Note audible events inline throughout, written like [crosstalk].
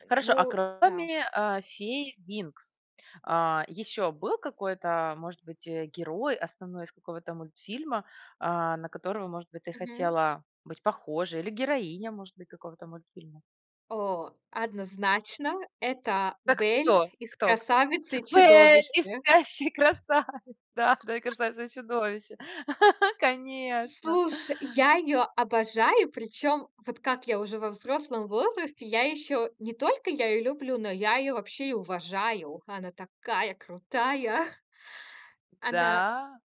Э, Хорошо. А ну да. кроме, а, фей "Винкс", а, ещё был какой-то, может быть, э, герой основной из какого-то мультфильма, а, на которого, может быть, ты Мгм. хотела быть похожей, или героиня, может быть, какого-то мультфильма? О, однозначно, это Это Бель кто? из Кто кто? "Красавицы и Бель! Из Чудовище". "Спящей красави" [laughs] да да, из "Красавица и Чудовище!" [laughs] Конечно! Слушай, я её обожаю. Причём вот как я уже во взрослом возрасте, я ещё не только я её люблю, но я её вообще и уважаю. Она такая крутая! [chuckles] Она Да.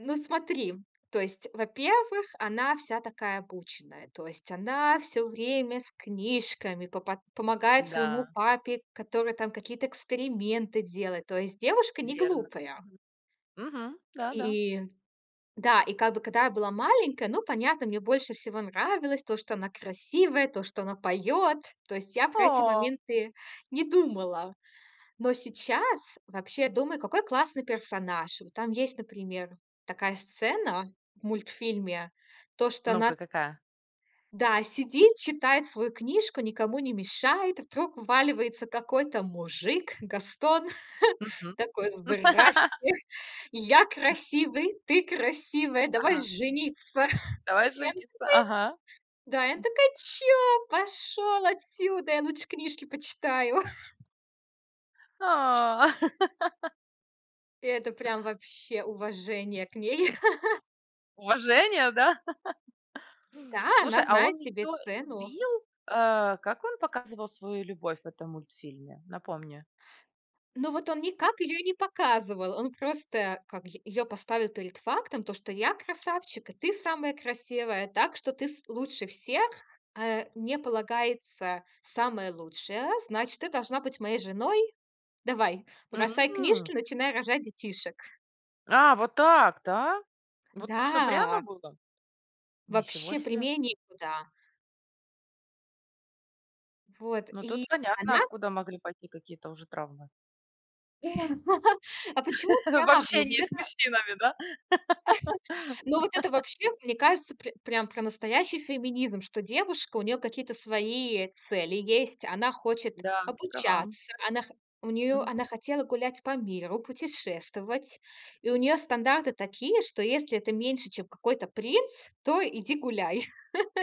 Ну, смотри, то есть, во-первых, она вся такая обученная. То есть она всё время с книжками по пот помогает своему Н-да. папе, который там какие-то эксперименты делает. То есть девушка не Верно. глупая. Мгм, мгм. Да, да. И да, и, как бы, когда я была маленькая, ну, понятно, мне больше всего нравилось то, что она красивая, то, что она поёт. То есть я про эти О! моменты не думала. Но сейчас вообще думаю, какой классный персонаж. Вот там есть, например, такая сцена в мультфильме. То, что Ну-ка, она какая? Да, сидит, читает свою книжку, никому не мешает. И вдруг вваливается какой-то мужик, Гастон. [laughs] Мгм. Такой: "Здрасьте! [laughs] Я красивый, ты красивая, давай Ага. жениться" [chuckles] Давай И она такая жениться, ага, м. Да, и она такая: "Чё? Пошёл отсюда, я лучше книжки почитаю". [laughs] А. [laughs] И это прям вообще уважение к ней. [laughs] Уважение, да? [laughs] Да, она Слушай, а он знает себе её цену. любил, а? Как он показывал свою любовь в этом мультфильме? Напомни. Но вот он никак ее и не показывал. Он просто, как, й ее поставил перед фактом, то, что я красавчик, и ты самая красивая. Так что ты, с лучше всех, а мне полагается самая лучшая, значит, ты должна быть моей женой. Давай, бросай М. книжки, начинай рожать детишек. А, вот так, да? Вот так всё прямо Да! было? Ничего Вообще себе. прямей некуда. Вот, Ну, и тут понятно, она откуда могли пойти какие-то уже травмы. [laughs] А почему [laughs] В травма? Вот общении с это мужчинами, да? [laughs] ну, вот это [laughs] вообще, мне кажется, пр прям про настоящий феминизм, что девушка, у нее какие-то свои, э, цели есть. Она хочет Да, ты права. обучаться. Она хо у нее Мгм. она хотела гулять по миру, путешествовать. И у нее стандарты такие, что если ты меньше, чем какой-то принц, то иди гуляй. [laughs]